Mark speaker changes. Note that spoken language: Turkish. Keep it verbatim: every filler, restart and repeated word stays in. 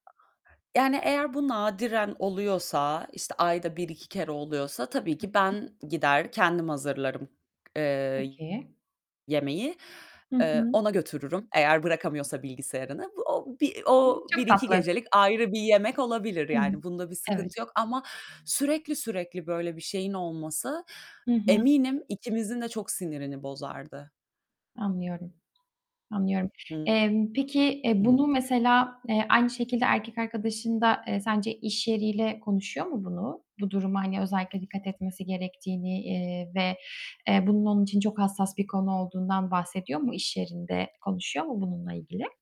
Speaker 1: Yani eğer bu nadiren oluyorsa, işte, ayda bir iki kere oluyorsa tabii ki
Speaker 2: [unintelligible]
Speaker 1: ben gider kendim hazırlarım, eee,
Speaker 2: Peki.
Speaker 1: yemeği.
Speaker 2: Hı
Speaker 1: Eee,
Speaker 2: hı.
Speaker 1: ona götürürüm eğer bırakamıyorsa bilgisayarını. Bu o bir o
Speaker 2: Hımm.
Speaker 1: bir
Speaker 2: Çok
Speaker 1: iki
Speaker 2: tatlı.
Speaker 1: gecelik ayrı bir yemek olabilir
Speaker 2: Hı.
Speaker 1: yani bunda bir
Speaker 2: Evet.
Speaker 1: sıkıntı yok ama sürekli sürekli böyle bir şeyin olması
Speaker 2: Hı hı.
Speaker 1: eminim ikimizin de çok sinirini bozardı.
Speaker 2: Anlıyorum. Anlıyorum.
Speaker 1: Hı
Speaker 2: Emm, peki, e,
Speaker 1: hı.
Speaker 2: bunu mesela, eee, aynı şekilde erkek arkadaşın da, eee, sence iş yeriyle konuşuyor mu bunu? Bu duruma, hani, özellikle dikkat etmesi gerektiğini, eee, ve, eee, bunun onun için çok hassas bir konu olduğundan bahsediyor mu? İş yerinde konuşuyor mu bununla ilgili?